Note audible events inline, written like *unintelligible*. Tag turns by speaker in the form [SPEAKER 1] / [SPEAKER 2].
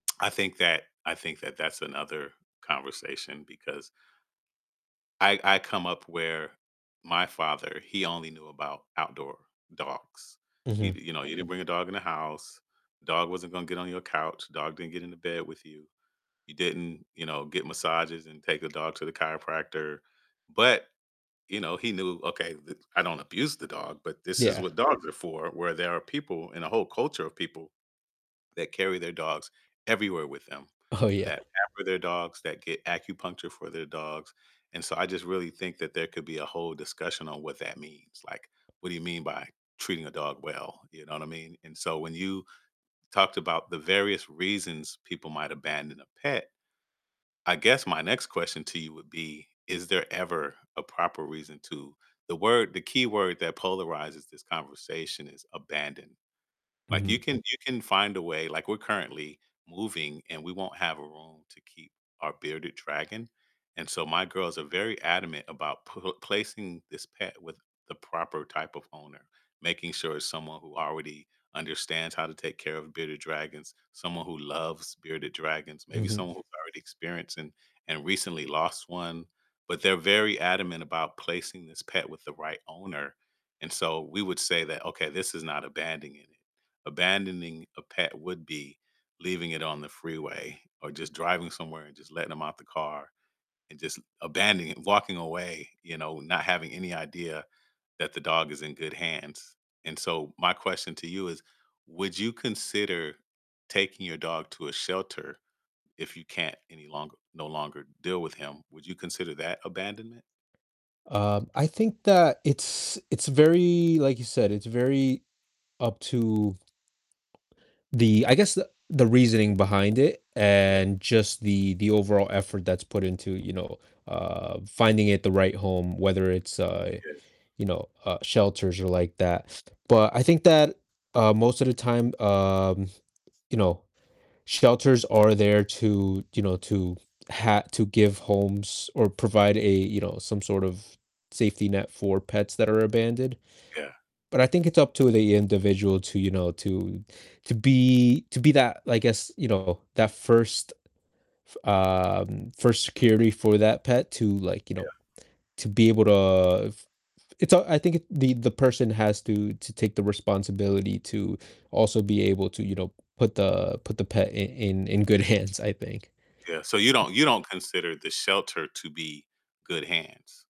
[SPEAKER 1] I think that I think that that's another conversation because I I come up where my father, he only knew about outdoor dogs, he
[SPEAKER 2] Mhm.
[SPEAKER 1] you know, you didn’t bring a dog in the house, dog wasn't gonna get on your couch, dog didn't get into bed with you. You didn't, you know, get massages and take the dog to the chiropractor, but, you know, he knew, okay, th I don't abuse the dog, but this is
[SPEAKER 2] Yeah.
[SPEAKER 1] what dogs are for, where there are people and a whole culture of people that carry their dogs everywhere with them,
[SPEAKER 2] Oh, yeah.
[SPEAKER 1] that *unintelligible* for their dogs, that get acupuncture for their dogs. And, so, I just really think that there could be a whole discussion on what that means, like, what do you mean by "treating a dog well?" You know what I mean, and, so, when you talked about the various reasons people might abandon a pet I guess my next question to you would be, is there ever a proper reason to the word the key word that polarizes this conversation is abandon. Like, you
[SPEAKER 2] Mhm.
[SPEAKER 1] can you can find a way like, we're currently moving, and we won't have a room to keep our bearded dragon, and so my girls are very adamant about pl placing this pet with the proper type of owner, making sure it's someone who already understands how to take care of bearded dragons, someone who loves bearded dragons, maybe
[SPEAKER 2] Mhm.
[SPEAKER 1] someone who's already experienced, and and recently lost one. But they're very adamant about placing this pet with the right owner. And, so, we would say that, "Okay, this is not abandoning it." Abandoning a pet would be leaving it on the freeway, or just driving somewhere, and just letting 'em out the car, and just abandoning walking away, you know, not having any idea that the dog is in good hands. And so, my question to you is, would you consider taking your dog to a shelter if you can't any longer no longer deal with him? Would you consider that abandonment?
[SPEAKER 2] Um, I think that it's it's very, like you said, "It's very up to" The I guess the the reasoning behind it
[SPEAKER 1] Yeah.
[SPEAKER 2] and just the the overall effort that's put into, you know, uh, finding it the right home, whether it's, uh,
[SPEAKER 1] Yeah.
[SPEAKER 2] you know, uh, shelters or like that, but I think that, uh, most of the time, um, you know, shelters are there to you know, to ha to give homes, or provide a you know, some sort of safety net for pets that are abandoned.
[SPEAKER 1] Yeah.
[SPEAKER 2] But I think it's up to the individual to you know, to to be to be that, I guess, you know, that first f um, first security for that pet to, like, you know,
[SPEAKER 1] Yeah.
[SPEAKER 2] to be able to f f it's, uh, I think the the person has to to take the responsibility to also be able to, you know, put the put the pet in in in good hands, I think.
[SPEAKER 1] Yeah, so you don't you don't consider the shelter to be good hands?